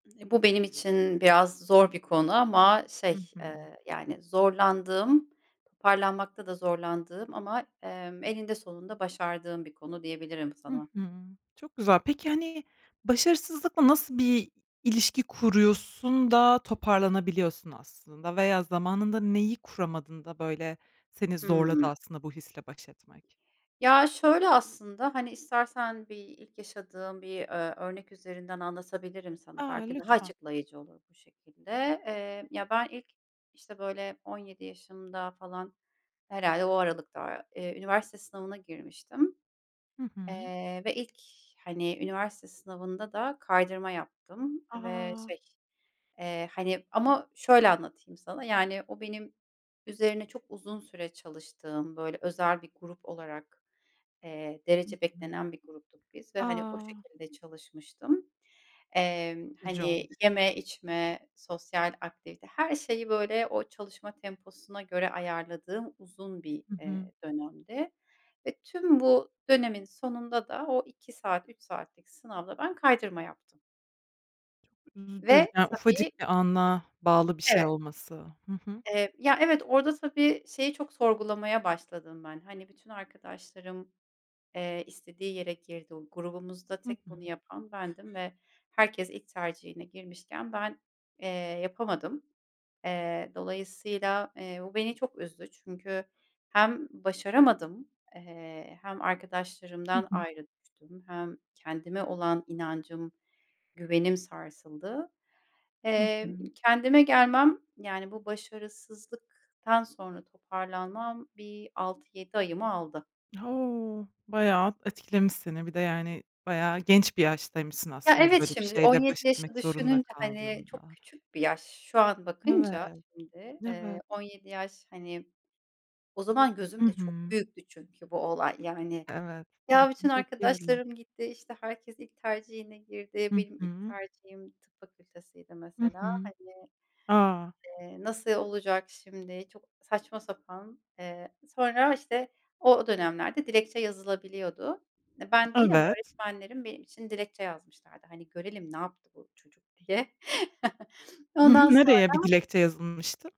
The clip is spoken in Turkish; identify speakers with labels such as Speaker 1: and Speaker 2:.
Speaker 1: E, bu benim için biraz zor bir konu ama
Speaker 2: Hı
Speaker 1: şey,
Speaker 2: hı.
Speaker 1: ııı, yani zorlandığım, toparlanmakta da zorlandığım ama, emm, eninde sonunda başardığım bir konu diyebilirim
Speaker 2: Hı
Speaker 1: sana.
Speaker 2: hı. Çok güzel. Peki, hani, başarısızlıkla nasıl bir ilişki kuruyorsun da,
Speaker 1: Hı hı.
Speaker 2: toparlanabiliyorsun aslında veya zamanında neyi kuramadın da, böyle seni zorladı
Speaker 1: Hıı.
Speaker 2: aslında, bu hisle baş etmek?
Speaker 1: Ya, şöyle aslında, hani, istersen bir ilk yaşadığım bir, ııı, örnek üzerinden anlatabilirim sana,
Speaker 2: A,
Speaker 1: belki daha
Speaker 2: lütfen.
Speaker 1: açıklayıcı olur bu şekilde, eee, ya ben ilk işte böyle 17 yaşımda falan herhâlde o aralıkta, eee, üniversite sınavına girmiştim.
Speaker 2: Hı hı.
Speaker 1: Eee, ve ilk hani üniversite sınavında da kaydırma yaptım ve
Speaker 2: A!
Speaker 1: şey, eee, hani, ama şöyle anlatayım sana, yani o benim üzerine çok uzun süre çalıştığım, böyle, özel bir grup olarak, eee,
Speaker 2: Hı
Speaker 1: derece
Speaker 2: hı.
Speaker 1: beklenen bir gruptuk biz ve hani o
Speaker 2: A!
Speaker 1: şekilde çalışmıştım. Emm,
Speaker 2: Üzücü
Speaker 1: hani,
Speaker 2: olmuş.
Speaker 1: yeme, içme, sosyal aktivite, her şeyi, böyle, o çalışma temposuna göre ayarladığım uzun bir,
Speaker 2: Hı hı.
Speaker 1: eee, dönemdi ve tüm bu dönemin sonunda da o 2 saat, 3 saatlik sınavda ben kaydırma yaptım.
Speaker 2: Çok üzücü,
Speaker 1: Ve
Speaker 2: yani
Speaker 1: tabii
Speaker 2: ufacık bir ana bağlı bir şey
Speaker 1: Evet.
Speaker 2: olması. Hı hı.
Speaker 1: Eee, ya evet, orada tabii, şeyi çok sorgulamaya başladım ben, hani, bütün arkadaşlarım, eee, istediği yere girdi. O grubumuzda
Speaker 2: Hı
Speaker 1: tek bunu
Speaker 2: hı.
Speaker 1: yapan bendim ve herkes ilk tercihine girmişken ben, eee, yapamadım. Eee, dolayısıyla, eee, bu beni çok üzdü. Çünkü hem başaramadım, eee, hem
Speaker 2: Hı
Speaker 1: arkadaşlarımdan
Speaker 2: hı.
Speaker 1: ayrı düştüm, hem kendime olan inancım, güvenim sarsıldı.
Speaker 2: Hı hı.
Speaker 1: Eee, kendime gelmem, yani bu başarısızlıktan sonra toparlanmam bir 6-7 ayımı aldı.
Speaker 2: O! Bayağı etkilemiş seni, bir de yani, bayağı genç bir yaştaymışsın
Speaker 1: Ya,
Speaker 2: aslında,
Speaker 1: evet,
Speaker 2: böyle bir
Speaker 1: şimdi, on
Speaker 2: şeyle
Speaker 1: yedi
Speaker 2: baş
Speaker 1: yaşı
Speaker 2: etmek zorunda
Speaker 1: düşününce, hani, çok
Speaker 2: kaldığında.
Speaker 1: küçük bir yaş. Şu an
Speaker 2: Evet.
Speaker 1: bakınca şimdi, eee,
Speaker 2: Evet.
Speaker 1: 17 yaş, hani, o zaman
Speaker 2: Hı
Speaker 1: gözümde çok
Speaker 2: hı.
Speaker 1: büyüktü çünkü bu olay, yani,
Speaker 2: Evet.
Speaker 1: ya, bütün
Speaker 2: Tahmin edebiliyorum.
Speaker 1: arkadaşlarım gitti, işte herkes ilk tercihine girdi
Speaker 2: Hı
Speaker 1: -benim ilk
Speaker 2: hı.
Speaker 1: tercihim tıp fakültesiydi
Speaker 2: Hı
Speaker 1: mesela
Speaker 2: hı.
Speaker 1: hani,
Speaker 2: A!
Speaker 1: eee, nasıl olacak şimdi? Çok saçma sapan. Eee, sonra işte o dönemlerde dilekçe yazılabiliyordu. E, ben değil ama
Speaker 2: Evet.
Speaker 1: öğretmenlerim, benim için dilekçe yazmışlardı. Hani, "Görelim, ne yaptı bu çocuk?" diye.
Speaker 2: Hı hı.
Speaker 1: Ondan
Speaker 2: Nereye bir
Speaker 1: sonra
Speaker 2: dilekçe yazılmıştı?